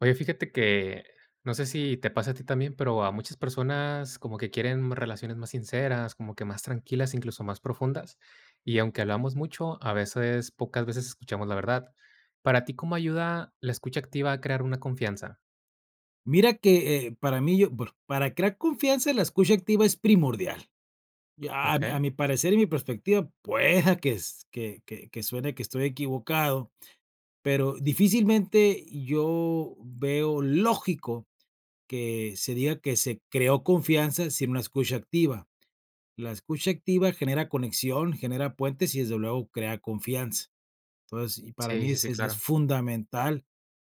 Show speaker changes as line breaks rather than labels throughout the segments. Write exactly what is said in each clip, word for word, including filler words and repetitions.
Oye, fíjate que, no sé si te pase a ti también, pero a muchas personas como que quieren relaciones más sinceras, como que más tranquilas, incluso, más profundas. Y aunque hablamos mucho, a veces, pocas veces escuchamos la verdad, ¿para ti cómo ayuda, la escucha activa a crear una confianza?
Mira que, eh eh, para mí, yo bueno, para crear confianza la escucha activa es primordial. Ya a mi a
Okey.
mi parecer y mi perspectiva pueda que que que suene que estoy equivocado, pero difícilmente yo veo lógico que se diga que se creó confianza sin una escucha activa. La escucha activa genera conexión, genera puentes y desde luego crea confianza. Entonces, y para
Sí,
mí
sí,
es
sí,
es
claro.
fundamental.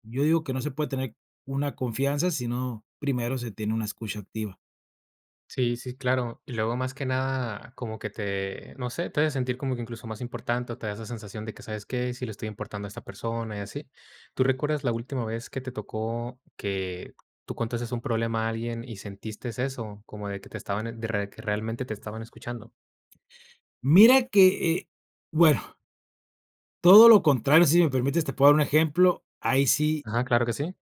Yo digo que no se puede tener una confianza, sino primero se tiene una escucha activa.
Sí, sí, claro. Y luego, más que nada, como que te, no sé, te hace sentir como que incluso más importante, o te da esa sensación de que, ¿sabes qué?, sí le estoy importando a esta persona y así, ¿tú recuerdas la última vez que te tocó que tú contaste un problema a alguien y sentiste eso, como de que te estaban de que re realmente te estaban escuchando?
Mira que eh, bueno Todo lo contrario, si me permites, te puedo dar un ejemplo, ahí sí
Ajá, claro que sí.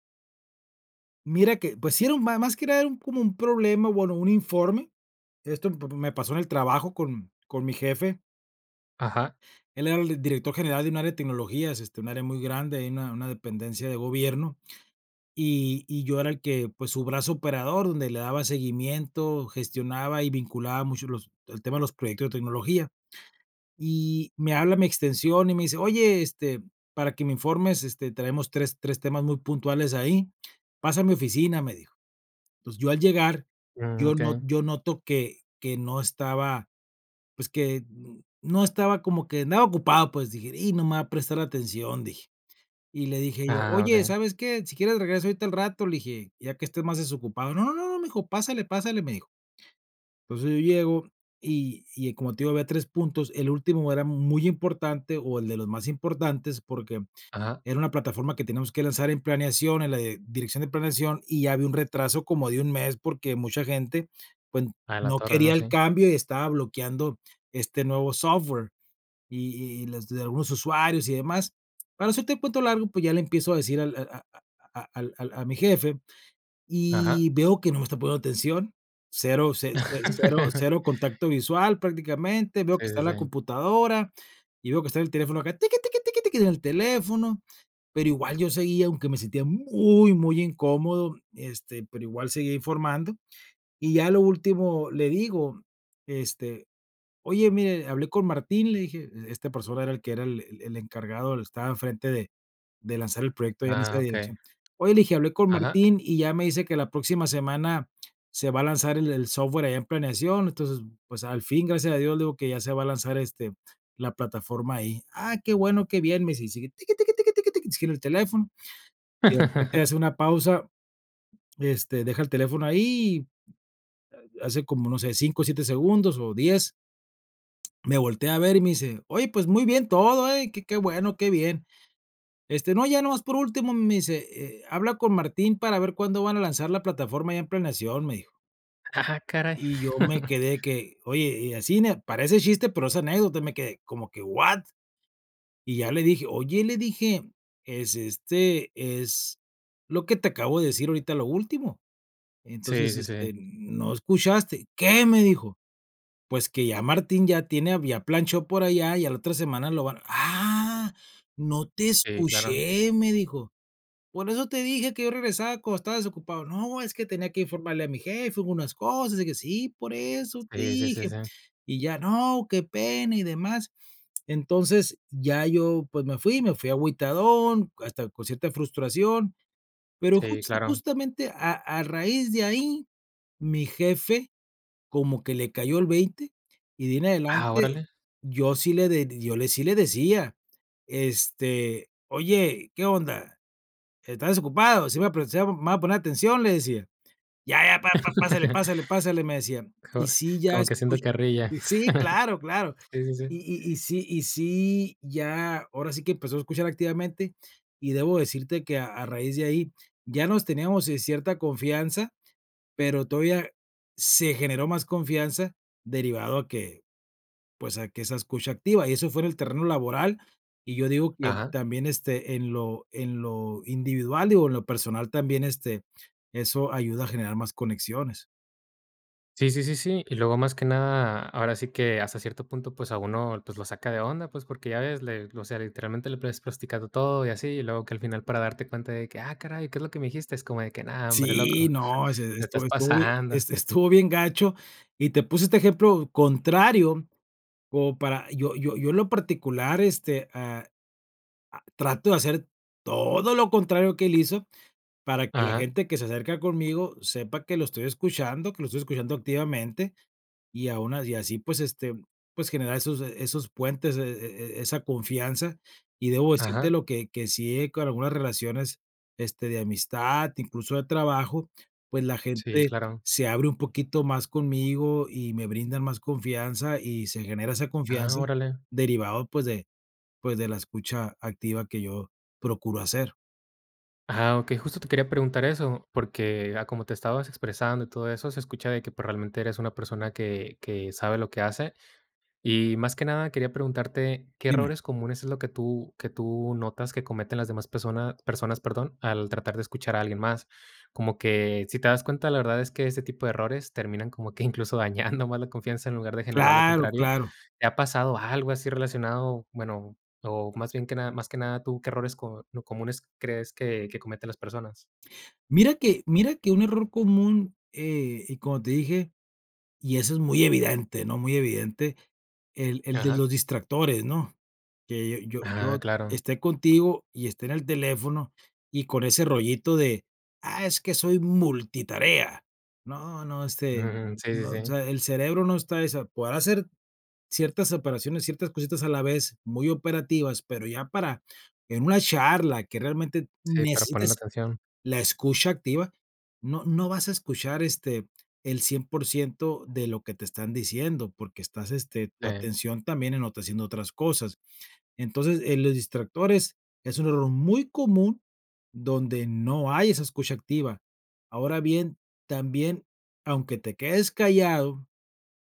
mira que, pues, si era un más más que nada era un como un problema, bueno, un informe, esto me me pasó en el trabajo con con mi jefe
Ajá.
él era el director general de un área de tecnologías, este, un área muy grande, ahí una una dependencia de gobierno. Y y yo era el que, pues, su brazo operador, donde le daba seguimiento, gestionaba y vinculaba mucho los el tema de los proyectos de tecnología. Y me habla a mi extensión, y me dice: "Oye, este, para que me informes, este, traemos tres tres temas muy puntuales ahí, pasa a mi oficina", me dijo. Entonces, yo al llegar,
Mm,
yo no
okey.
yo noto que que no estaba, pues, que, no estaba como, que andaba ocupado, pues, dije: "Y no me va a prestar atención", dije. Y le dije yo:
Ah,
"Oye,
okey.
¿sabes qué?, si quieres regreso ahorita al rato", le dije, ya que estés más desocupado: "No", me dijo: "Pásale, pásale", me dijo entonces, yo llego, y y como te digo, había tres puntos. El último era muy importante, o el de los más importantes, porque
Ajá.
era una plataforma que teníamos que lanzar en planeación, en la dirección de planeación, y ya había un retraso como de un mes, porque mucha gente, pues,
A la
no
torre, no
quería el
sí.
cambio y estaba bloqueando este nuevo software. Y y los de algunos usuarios y demás, para no hacerte un cuento largo, pues, ya le empiezo a decir al a a a a a al a mi jefe,
Ajá.
y veo que no me está poniendo atención, cero, cero, cero contacto visual prácticamente, veo que
Sí,
está
sí,
en la
sí.
computadora, y veo que está en el teléfono acá, tiki, tiki, tiki, tiki, en el teléfono, pero igual yo seguía, aunque me sentía muy muy incómodo, este, pero igual seguía informando. Y ya a lo último le digo: "Este, oye, mire, hablé con Martín", le dije, esta persona era el que, era el el encargado, estaba en frente de de lanzar el proyecto ahí en
Ah,
esa
okey.
dirección: "Oye", le dije: "Hablé con
Ajá.
Martín", y ya me dice que la próxima semana se va a lanzar el el software allá en planeación, entonces, pues, al fin, gracias a Dios, le digo que ya se va a lanzar, este, la plataforma ahí. "Ah, qué bueno, qué bien", me dice, y sigue, tiki, tiki, tiki, tiki, sigue en el teléfono, y de repente hace una pausa, este, deja el teléfono ahí, hace como, no sé, cinco, siete segundos, o diez me voltea a ver, y me dice: "Oye, pues, muy bien todo, eh, que qué bueno, qué bien, este, no, ya nomás por último", me dice: "Eh, habla con Martín para ver cuándo van a lanzar la plataforma allá en planeación", me dijo
Ah caray.
yo me quedé que, oye, y así n parece chiste, pero es anécdota, me quedé como que, ¿what? Y ya le dije: "Oye", le dije: "Es este, es lo que te acabo de decir ahorita, lo último,
Sí,
entonces,
sí,
este,
sí.
no escuchaste". "¿Qué?", me dijo, pues: "Que ya Martín ya tiene había planchó por allá, y a la otra semana lo van". "Ah, no te
Sí, claro.
escuché", me dijo, por eso te dije que yo regresaba cuando estaba desocupado. No, es que tenía que informarle a mi jefe, hubo unas cosas, y que sí, por eso te
Sí, sí, sí,
dije,
sí.
y ya no, qué pena y demás. Entonces ya yo, pues, me fui me fui agüitadón hasta con cierta frustración, pero
Sí,
justa
claro.
justamente, a a raíz de ahí, mi jefe como que le cayó el veinte. Y de ahi en
Ah,
adelante,
órale.
yo sí le yo le sí le decía: "Este, oye, ¿qué onda?, ¿está desocupado?, sí, me va a prestar, me va a poner atención", le decía: "Ya ya, pa pa pásele, pásele, pásele", me decía.
Co
"Y sí, ya
como que haciendo
escucho,
carrilla,
sí, claro, claro".
sí, sí, sí.
Y y y sí y sí, ya ahora sí que empezó a escuchar activamente, y debo decirte que a a raíz de ahí ya nos teníamos, eh, cierta confianza, pero todavía se generó más confianza derivado a que, pues, a que esa escucha activa, y eso fuera el terreno laboral. Y yo digo que
Ajá.
también, este, en lo en lo individual, digo, en lo personal también, este, eso ayuda a generar más conexiones.
Sí, sí, sí, sí. Y luego más que nada, ahora sí que hasta cierto punto, pues a uno, pues lo saca de onda, pues, porque ya ves, le o sea, literalmente le plues plasticado todo y así, y luego que al final para darte cuenta de que: "Ah caray, ¿qué es lo que me dijiste? Es como de que no hombre,
Sí,
loco,
no, sí,
te
estu
estás
estuvo bien,
pasando".
este estuvo bien gacho, y te puse este ejemplo contrario, como para yo yo yo en lo particular, este, ah, ah, trato de hacer todo lo contrario que él hizo, para que la
Ajá.
gente que se acerca conmigo sepa que lo estoy escuchando, que lo estoy escuchando activamente, y a unas y así pues, este, pues generar esos, eh, esos puentes e e e esa confianza y debo
Ajá.
decirtelo que que si he, con algunas relaciones, este, de amistad, incluso de trabajo, pues la
Sí,
gente
claro.
se abre un poquito más conmigo y me brindan más confianza y se genera esa
Ah,
confianza
órale.
derivado pues de pues de la escucha activa que yo procuro hacer.
Ajá, okey, justo te quería preguntar eso, porque a como te estabas expresando y todo eso, se escucha de que pues realmente eres una persona que que sabe lo que hace y más que nada quería preguntarte, ¿qué
Dime.
errores comunes es lo que tú que tú notas que cometen las demás persona personas, perdón, al tratar de escuchar a alguien más? Como que, si te das cuenta, la verdad es que ese tipo de errores terminan como que incluso dañando más la confianza en lugar de generar lo
¡Claro!,
contrario,
claro.
¿te ha pasado algo así relacionado? Bueno, o más bien que nada más que nada, tú, ¿qué errores co lo comunes crees que que cometen las personas?
Mira que mira que un error común, eh, y como te dije, y eso es muy evidente, ¿no?, muy evidente, el el de
Ajá.
los distractores, ¿no? Que yo
Ah,
yo
claro.
esté contigo y esté en el teléfono y con ese rollito de, ah, es que soy multitarea. No, no, este,
Mm, sí, sí,
no, o
sí.
sea, el cerebro no está esa podrá hacer ciertas operaciones, ciertas cositas a la vez, muy operativas, pero ya para, en una charla que realmente
Sí, para poner
necesites
atención.
la escucha activa, no no vas a escuchar, este, el cien por ciento de lo que te están diciendo, porque estás, este tu
Sí.
atención también en otra haciendo otras cosas. Entonces, eh, los distractores es un error muy común donde no hay esa escucha activa. Ahora bien, también aunque te quedes callado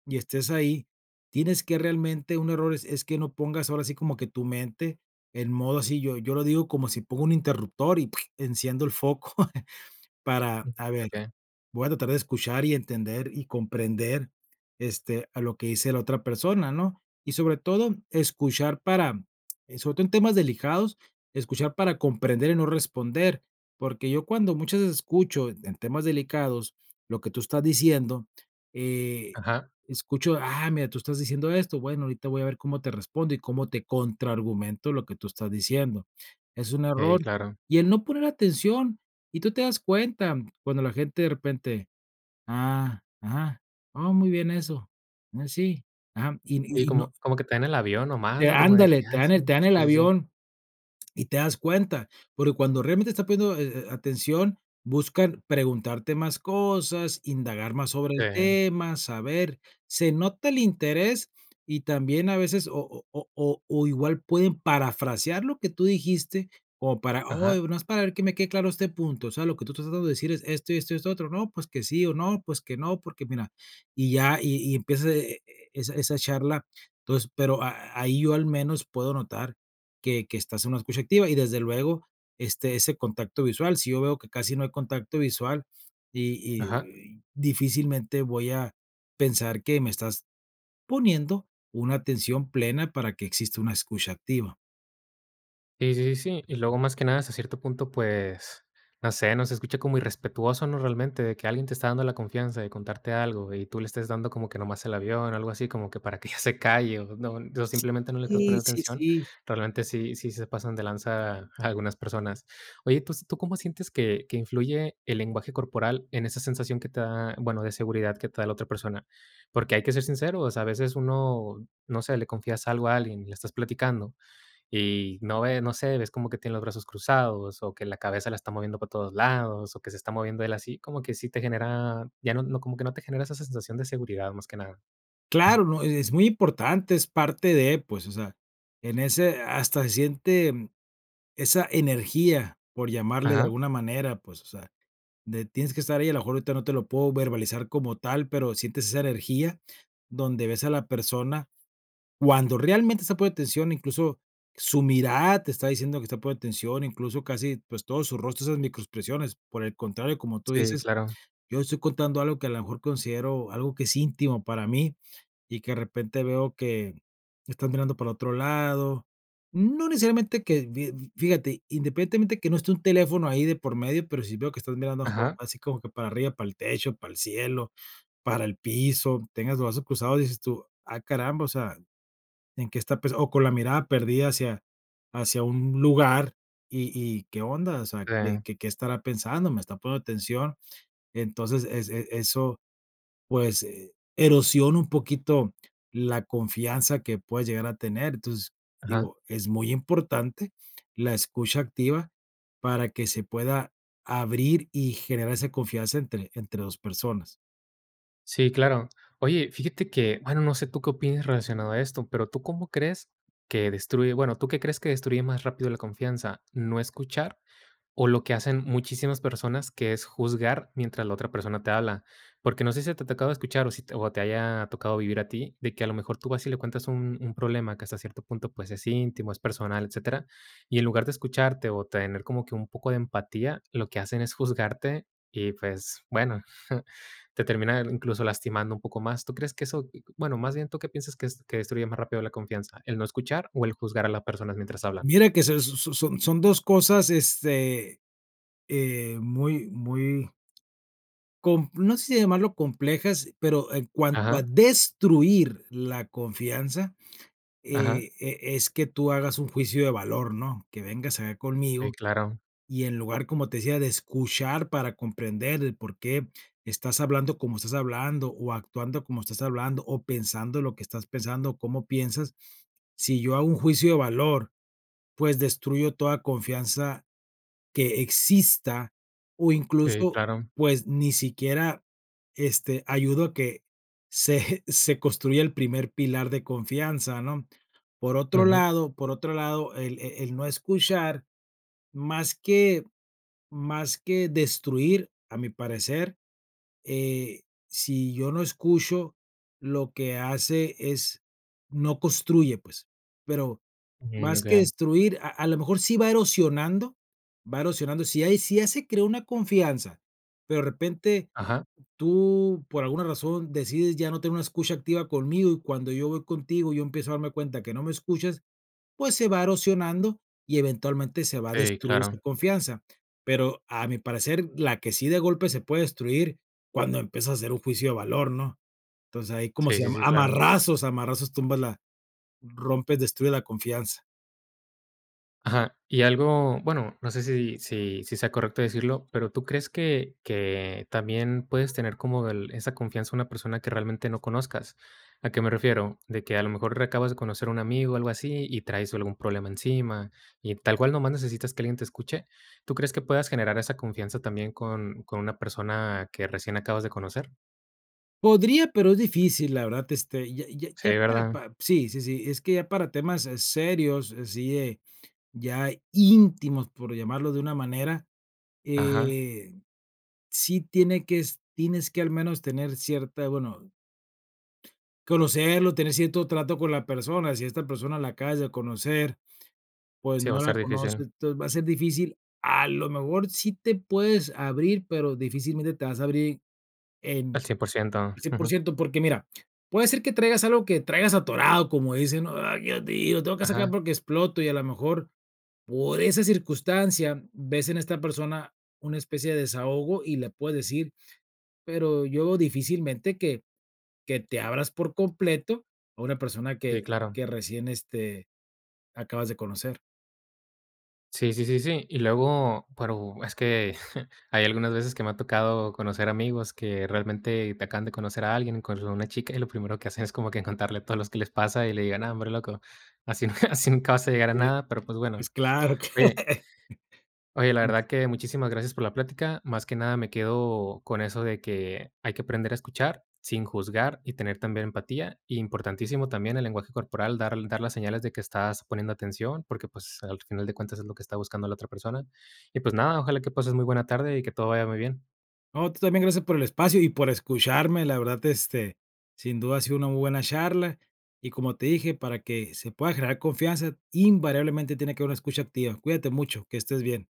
y estés ahí, tienes que realmente un error es es que no pongas ahora sí como que tu mente en modo así yo yo lo digo como si pongo un interruptor y ¡puig!, enciendo el foco para, a ver,
Okey.
voy a tratar de escuchar y entender y comprender, este, a lo que dice la otra persona, ¿no? Y sobre todo escuchar para, eh, sobre todo en temas delicados, escuchar para comprender y no responder, porque yo cuando muchas veces escucho en temas delicados lo que tú estás diciendo, eh,
Ajá.
escucho, ah, mira, tú estás diciendo esto, bueno, ahorita voy a ver cómo te respondo, y cómo te contraargumento lo que tú estás diciendo. Es un
Sí,
error,
claro.
y el no poner atención, y tú te das cuenta, cuando la gente de repente: "Ah, ajá, oh, muy bien eso, mm, sí, ajá". Y
Y
y y no
como como que te dan el avión nada más,
Te
¿no? Como de
¡ándale!,
que,
te
ah,
dan
sí,
el te dan el
sí, sí, sí.
avión, y te das cuenta, porque cuando realmente está poniendo, eh, eh, atención, buscan preguntarte más cosas, indagar más sobre el
Sí.
tema, saber, se nota el interés y también a veces o o o o o igual pueden parafrasear lo que tú dijiste como para: "Oye,
Ajá.
nada más para ver que me quede claro este punto, o sea, lo que tú estás tratando de decir es esto y esto y esto otro, no, pues que sí o no, pues que no, porque mira", y ya y y empieza e e e esa esa charla. Entonces pero a a ahí yo al menos puedo notar que que estás en una escucha activa y desde luego esté ese contacto visual, si yo veo que casi no hay contacto visual y y
Ajá.
y difícilmente voy a pensar que me estás poniendo una atención plena para que exista una escucha activa.
Y sí, sí, sí. Y luego más que nada hasta cierto punto, pues, no sé, ¿no?, se escucha como irrespetuoso, ¿no? Realmente de que alguien te está dando la confianza de contarte algo, y tú le estés dando como que nomás el avión, algo así como que para que ya se calle o, ¿no?, o no simplemente no le estás
Sí, sí,
poniendo
sí,
atención,
sí.
realmente sí sí se pasan de lanza algunas personas. Oye, tus ¿tú cómo sientes que que influye el lenguaje corporal en esa sensación que te da, bueno, de seguridad que te da la otra persona? Porque hay que ser sinceros, a veces uno no sé, le confías algo a alguien, y le estás platicando y, no ve, no sé, ves como que tiene los brazos cruzados, o que la cabeza la está moviendo para todos lados, o que se está moviendo él así, como que sí te genera, ya no, como que no te genera esa sensación de seguridad, más que nada.
Claro, ¿no? E-es muy importante, es parte de, pues, o sea, en ese, hasta se siente, esa energía, por llamarle de
Ajá.
alguna manera, pues, o sea, de tienes que estar ahí, a lo mejor ahorita no te lo puedo verbalizar como tal, pero sientes esa energía, donde ves a la persona. Cuando realmente está poniéndote atención, incluso, su mirada te está diciendo que está poniendo atención, incluso, casi, pues, todo su rostro, esas micro expresiones. Por el contrario, como tú
Sí,
dices,
claro.
yo estoy contando algo que a lo mejor considero algo que es íntimo para mí, y que de repente veo que, estás mirando para otro lado, no necesariamente que fi fíjate, independientemente que no esté un teléfono ahí de por medio, pero sí veo que estás mirando,
Ajá.
así como que, para arriba, para el techo, para el cielo, para el piso, tengas los brazos cruzados, dices tú, ah caramba, o sea, ¿en qué está pensando? O con la mirada perdida hacia hacia un lugar, y y ¿qué onda?, o sea, de
Sí.
que, ¿qué estará pensando?, ¿me está poniendo atención? Entonces, es, e es eso, pues, eh, erosiona un poquito, la confianza que puedes llegar a tener. Entonces,
Ajá.
digo, es muy importante, la escucha activa, para que se pueda, abrir y generar esa confianza entre entre dos personas.
Sí, claro. Oye, fíjate que, bueno, no sé tú qué opines relacionado a esto, pero ¿tú cómo crees que destruye?, bueno, ¿tú qué crees que destruye más rápido la confianza? ¿No escuchar, o lo que hacen muchísimas personas, que es juzgar mientras la otra persona te habla?, porque no sé, si te ha tocado escuchar, o si te haya tocado vivir a ti, de que a lo mejor tú vas y le cuentas un un problema que hasta cierto punto, pues, es íntimo, es personal, etcétera. Y en lugar de escucharte, o tener como que un poco de empatía, lo que hacen es juzgarte y, pues, bueno, te terminan incluso, lastimando un poco más, ¿tú crees que eso, bueno, más bien, tú qué piensas que es que destruye más rápido la confianza? ¿El no escuchar, o el juzgar a las personas mientras hablan?
Mira que se son son son dos cosas, este, eh, muy muy compl no sé, si llamarlo complejas, pero, en cuanto a
Ajá.
destruir la confianza,
Ajá.
eh, eh, es que tú hagas un juicio de valor, ¿no?, que vengas acá
Sí,
conmigo,
claro.
y en lugar, como te decía, de escuchar para comprender el por qué, estás hablando como estás hablando, o actuando como estás hablando, o pensando lo que estás pensando, o cómo piensas, si yo hago un juicio de valor, pues, destruyo toda confianza que exista, o
Sí,
incluso,
claro.
pues, ni siquiera, este, ayudo a que se eje se construya el primer pilar de confianza, ¿no? Por otro
Ujú.
lado, por otro lado, el, eh eh, el no escuchar, más que más que destruir, a mi parecer, eh, si yo no escucho lo que hace es, no construye, pues, pero,
Ujú,
más que
okey.
destruir a a la mejor sí va erosionando va erosionando, si hay, si ya se creo una confianza, pero de repente,
Ajá.
tú por alguna razón decides, ya no tener una escucha activa conmigo, y cuando yo voy contigo, yo empiezo a darme cuenta que no me escuchas, pues, se va erosionando y eventualmente se va a
Sí,
destruir esa
claro.
confianza. Pero, a mi parecer la que sí de golpe se puede destruir, cuando empiezas a hacer un juicio de valor, ¿no?, entonces, ahí, ¿cómo
Sí,
se
sí,
llama?,
sí,
a
claro.
marrazos, a marrazos, tumbas la rompes, destruye la confianza.
Ajá, y algo, bueno, no sé si si si sea correcto decirlo, pero, ¿tú crees que que también puedes tener como del esa confianza en una persona que realmente no conozcas? ¿A qué me refiero? ¿De que a lo mejor reacabas de conocer un amigo, algo así, y traes algún problema encima y tal cual nomás necesitas que alguien te escuche? ¿Tú crees que puedas generar esa confianza también con con una persona que recién acabas de conocer?
Podría, pero es difícil, la verdad, este, ya ya
Sí,
ya para
¿verdad?
pa sí, sí, sí, es que ya para temas eh, serios, así es, ya íntimos, por llamarlo de una manera,
Ajá.
eh, sí tiene que es tienes que al menos tener cierta, bueno conocerlo, tener cierto trato con la persona, si esta persona la acabas de conocer, pues,
Sí, va a
no la
estar difícil.
conoces, entonces, va a ser difícil, a lo mejor sí te puedes abrir, pero difícilmente te vas a abrir en,
Al cien por ciento,
cien por
ujú.
ciento porque mira: "Puede ser que traigas algo que traigas atorado", como dicen, ¿no? "¡Ay, Dios mío!, lo tengo que sacar
Ajá.
porque exploto", y a lo mejor por esa circunstancia ves en esta persona una especie de desahogo y le puedes decir, pero yo difícilmente que que te abras por completo a una persona que
Sí, claro.
que recién, este, acabas de conocer.
Sí, sí, sí, sí. Y luego, pero, es que, hay algunas veces que me ha tocado conocer amigos que realmente te acaban de conocer a alguien, y cuando ve una chica y lo primero que hacen es como que en contarle todo lo que les pasa y le digan: "Ah, hombre loco, así nunca así nunca vas a llegar a
Sí.
nada,", pero pues bueno.
Pues claro.
Oye oye, la
Antes.
verdad que muchísimas gracias por la plática. Más que nada me quedo con eso de que, hay que aprender a escuchar sin juzgar y tener también empatía. Importantísimo también el lenguaje corporal, dar dar las señales de que estás poniendo atención, porque, pues, al final de cuentas, es lo que está buscando la otra persona. Y pues nada, ojalá que pases muy buena tarde y que todo vaya muy bien.
No, tú también gracias por el espacio y por escucharme, la verdad, este, sin duda ha sido una muy buena charla, y como te dije, para que se pueda generar confianza, invariablemente tiene que haber una escucha activa. Cuídate mucho, que estés bien.